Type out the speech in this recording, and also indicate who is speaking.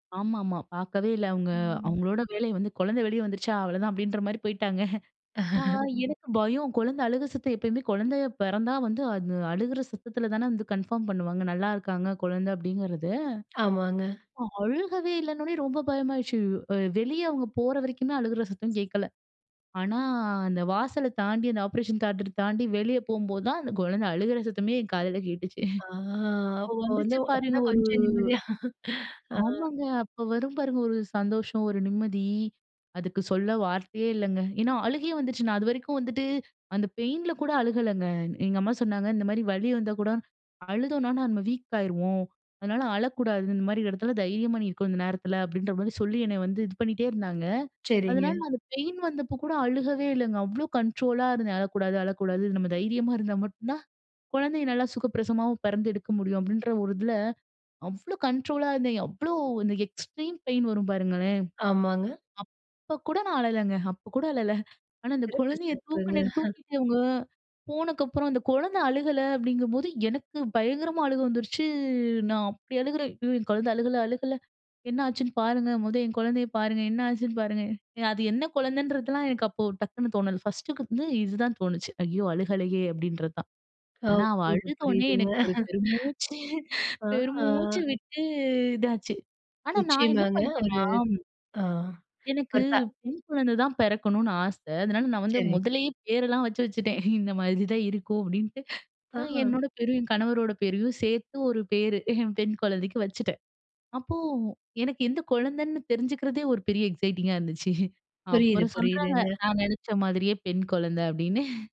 Speaker 1: ஆமாமா. பார்க்கவே இல்ல. அவுங்க,
Speaker 2: ம்.
Speaker 1: அவங்களோட வேலையே வந்து, "குழந்தை வெளிய வந்துருச்சா. அவ்வளோதான்." அப்டின்ற மாரி போய்ட்டாங்க. நான், எனக்கு பயம். குழந்தை அழுக சத்தம். எப்பயுமே குழந்தை பிறந்தா வந்து, அது அழுற சத்தத்தில தான வந்து கன்ஃபார்ம் பண்ணுவாங்க, "நல்லா இருக்காங்க குழந்தை." அப்டிங்கிறது.
Speaker 2: ஆமாங்க.
Speaker 1: அழுகவே இல்லன்னொனே ரொம்ப பயமாகிருச்சு. அ வெளிய அவங்க போற வரைக்குமே அழுற சத்தம் கேட்கல. ஆனா, அந்த வாசல தாண்டி, அந்த ஆப்பரேஷன் தியேட்டர் தாண்டி, வெளியே போகும்போது தான் அந்த குழந்தை அழுற சத்தமே என் காதுல கேட்டுச்சு.
Speaker 2: ஆ
Speaker 1: அப்போ
Speaker 2: அப்போ வந்து
Speaker 1: வந்துச்சு பாருங்க.
Speaker 2: அப்பதான்
Speaker 1: ஒரு
Speaker 2: கொஞ்சம் நிம்மதியா. ஆ.
Speaker 1: ஆமாங்க, அப்ப வரும் பாருங்க, ஒரு சந்தோஷம், ஒரு நிம்மதி. அதுக்கு சொல்ல வார்த்தையே இல்லைங்க. ஏன்னா, அழுகையே வந்துருச்சு. நான் அதுவரைக்கும் வந்துட்டு அந்த பெயின்ல கூட அழுகலங்க. எங்க அம்மா சொன்னாங்க. இந்த மாரி "வலி வந்தா கூட அழுதோம்னா, நம்ம வீக் ஆகிருவோம். அதனால அழக்கூடாது. இந்த மாரி இடத்தில தைரியமா நீ இருக்கணு, இந்த நேரத்தில." அப்டின்ற மாரி சொல்லி, என்ன வந்து இது பண்ணிட்டே இருந்தாங்க. அதனால,
Speaker 2: சரிங்க.
Speaker 1: நான் அந்த பெயின் வந்தபோ கூட அழுகவே இல்லைங்க. அவ்வளவு வீக் இருந்தேன். "அழக்கூடாது, அழக்கூடாது. நம்ம தைரியமா இருந்தா மட்டும் தான் குழந்தைய நல்லா சுகப்பிரசவமாவும் பிறந்து எடுக்க முடியும்." அப்படின்ற ஒரு இதில அவ்ளோ கண்ட்ரோலா இருந்தேன். அவ்ளோ அந்த கண்ட்ரோலா வரும் பாருங்களேன்.
Speaker 2: ஆமாங்க.
Speaker 1: அப்ப கூட நான் அழலைங்க. அப்போ கூட அழல. ஆனா, அந்த
Speaker 2: சிறப்பு.
Speaker 1: குழந்தைய
Speaker 2: சிறப்புங்க.
Speaker 1: தூக்கின, தூக்கிட்டு இவங்க போனக்கு அப்புறம், அந்த குழந்தை அழுகல, அப்படிங்கும்போது எனக்கு பயங்கரமா அழுக வந்துருச்சு. நான் அப்படி அழுகுறேன். "ஐயோ! என் குழந்தை அழுகல. அழுகல. என்னாச்சுன்னு பாருங்க. மொத என் குழந்தைய பாருங்க. என்ன ஆச்சுன்னு பாருங்க." அது என்ன குழந்தைன்றதெல்லாம், எனக்கு அப்போ டக்குனு தோணல. ஃபர்ஸ்ட்டுக்கு வந்து இதுதான் தோணுச்சு. "ஐயோ! அழுகலையே!" அப்டின்றது தான்.
Speaker 2: ஆ.
Speaker 1: ஆனா, அவள்
Speaker 2: புரியுது,
Speaker 1: அழுதோனே,
Speaker 2: புரியுதுங்க.
Speaker 1: எனக்கு ஒரு பெரு மூச்சு, பெரு
Speaker 2: ஆ.
Speaker 1: மூச்சு விட்டு இதாச்சு. ஆனா நான் என்ன
Speaker 2: நிச்சயமாங்க.
Speaker 1: பண்ணேன்னா
Speaker 2: ஒரு ஆ.
Speaker 1: எனக்கு
Speaker 2: இப்ப
Speaker 1: பெண் குழந்தை தான் பிறக்கணும்னு ஆச. அதனால நான் வந்து
Speaker 2: சரி.
Speaker 1: முதல்லயே பேரெல்லாம் வச்சு வச்சுட்டேன். இந்த மாரிதான் இருக்கும். அப்பிடீன்ட்டு. அ
Speaker 2: ஆ.
Speaker 1: என்னோட பேரும், என் கணவரோட பேரையும் சேர்த்து, ஒரு பேரு. என் பெண் குழந்தைக்கு வச்சுட்டேன். அப்போ, எனக்கு எந்த குழந்தைன்னு தெரிஞ்சுக்கிறதே, ஒரு பெரிய எக்ஸைட்டிங்கா இருந்துச்சு.
Speaker 2: புரியுது,
Speaker 1: அப்புறம் சொல்றாங்க.
Speaker 2: புரியுதுங்க.
Speaker 1: நான் நினைச்ச மாதிரியே பெண் குழந்தை அப்டின்னு.